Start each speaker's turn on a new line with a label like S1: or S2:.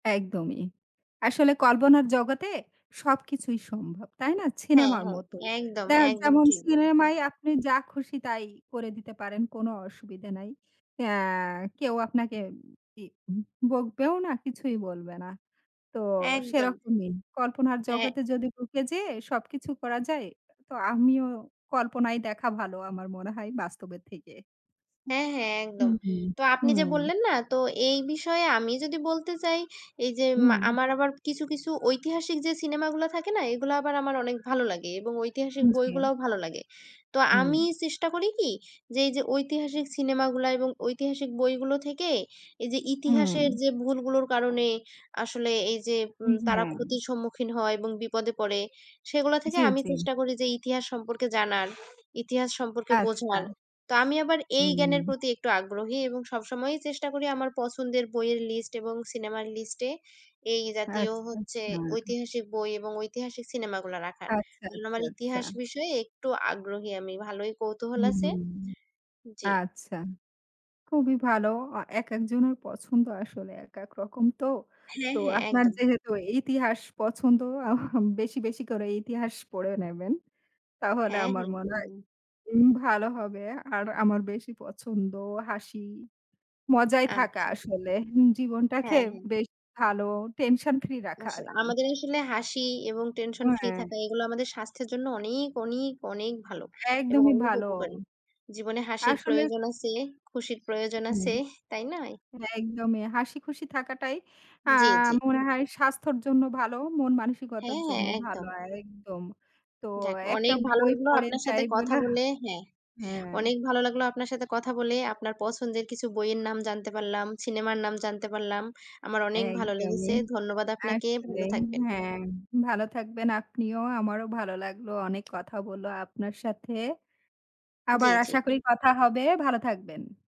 S1: একদমই। আসলে কল্পনার জগতে সবকিছুই সম্ভব। তাই না?
S2: হ্যাঁ,
S1: সিনেমার
S2: হ্যাঁ।
S1: মতো।
S2: একদম,
S1: দা
S2: একদম
S1: যেমন
S2: ঠিক বলেছেন।
S1: সিনেমায় আপনি যা খুশি তাই করে দিতে পারেন, কোনো অসুবিধা নাই। অ্যা কেউ আপনাকে কি উম ই বকবেও না, কিছুই বলবে না। তো
S2: একদম।
S1: সেরকমই। কল্পনার
S2: এ্যা
S1: জগতে যদি ঢুকে যেয়ে সবকিছু করা যায়, তো আমিও কল্পনায় দেখা ভালো আমার মনে হয় বাস্তবের থেকে।
S2: হ্যাঁ, হ্যাঁ।
S1: হু,
S2: একদম।
S1: হু।
S2: তো
S1: হু।
S2: আপনি যে বললেন না, তো এই বিষয়ে আমি যদি বলতে চাই, এই যে মা
S1: হু।
S2: আমার আবার কিছু, কিছু ঐতিহাসিক যে সিনেমাগুলা থাকে না, এগুলা আবার আমার অনেক ভালো লাগে এবং ঐতিহাসিক
S1: জি।
S2: বইগুলাও ভালো লাগে। তো
S1: হুম।
S2: আমি চেষ্টা করি কি, যে, এইযে ঐতিহাসিক সিনেমাগুলা এবং ঐতিহাসিক বইগুলো থেকে এই যে
S1: হুম।
S2: ইতিহাসের যে ভুলগুলোর কারণে আসলে এইযে
S1: উ
S2: উম
S1: জি।
S2: তারা ক্ষতির সম্মুখীন হয় এবং বিপদে পড়ে, সেগুলো থেকে
S1: জি,
S2: আমি
S1: জি।
S2: চেষ্টা করি যে ইতিহাস সম্পর্কে জানার ইতিহাস সম্পর্কে
S1: আচ্ছা।
S2: বোঝার। তো আমি আবার এই জ্ঞানের
S1: হুম।
S2: প্রতি একটু আগ্রহী এবং সব সময়ই চেষ্টা করি আমার পছন্দের বইয়ের লিস্ট এবং সিনেমার লিস্টে এই জাতীয়
S1: আচ্ছা,
S2: হচ্ছে
S1: আচ্ছা।
S2: ঐতিহাসিক বই এবং ঐতিহাসিক সিনেমাগুলো রাখার।
S1: আচ্ছা,
S2: এবং আমার
S1: আচ্ছা, আচ্ছা।
S2: ইতিহাস বিষয়ে একটু আগ্রহী আমি, ভালোই কৌতূহল আছে।
S1: হুম।
S2: জি।
S1: আচ্ছা। খুবই ভালো। আ একেকজনের পছন্দ আসলে একেক রকম তো।
S2: হ্যাঁ,
S1: তো
S2: হ্যাঁ।
S1: আপনার
S2: একদম।
S1: যেহেতু ইতিহাস পছন্দ, আহ বেশি, বেশি, করে ইতিহাস পড়ে নেবেন। তাহলে
S2: হ্যাঁ,
S1: আমার
S2: হ্যাঁ।
S1: মনে হয়
S2: একদম।
S1: উম ভালো হবে। আর আমার বেশি পছন্দ হাসি মজায় থাকা
S2: আচ্ছা।
S1: আসলে। জীবনটাকে
S2: হ্যাঁ, হ্যাঁ।
S1: বেশ ভালো টেনশন ফ্রি রাখা
S2: আস
S1: আরকি।
S2: আমাদের আসলে হাসি এবং
S1: ও
S2: টেনশন ফ্রি
S1: এ
S2: থাকা, এগুলা আমাদের স্বাস্থ্যের জন্য অনেক অনেক, অনেক ভালো এবং
S1: একদমই
S2: অনেক
S1: ভালো।
S2: উপকারী। জীবনে হাসির
S1: আসলে
S2: প্রয়োজন আছে। খুশির প্রয়োজন
S1: হুম,
S2: আছে। তাই নয়?
S1: একদমই। হাসি খুশি থাকাটাই অ্যা
S2: জি, জি।
S1: মনে হয় স্বাস্থ্যর জন্য ভালো, মন-মানসিকতার
S2: হ্যাঁ, হ্যাঁ।
S1: জন্যও ভালো।
S2: একদম।
S1: একদম। তো
S2: যাক
S1: একটা
S2: অনেক ভালো
S1: বই
S2: লাগলো
S1: পড়ে
S2: আপনার
S1: যাই
S2: সাথে কথা
S1: [unintelligible]
S2: বলে। হ্যাঁ।
S1: হ্যাঁ।
S2: অনেক ভালো লাগলো আপনার সাথে কথা বলে। আপনার পছন্দের কিছু বইয়ের নাম জানতে পারলাম, সিনেমার নাম জানতে পারলাম। আমার অনেক ভালো
S1: একদমই
S2: লেগেছে। ধন্যবাদ আপনাকে। ভালো
S1: আসলেই।
S2: থাকবেন।
S1: হ্যাঁ। ভালো থাকবেন আপনিও আমারও ভালো লাগলো অনেক কথা বলে আপনার সাথে।
S2: জি,
S1: আবার
S2: জি।
S1: আশা করি কথা হবে। ভালো থাকবেন।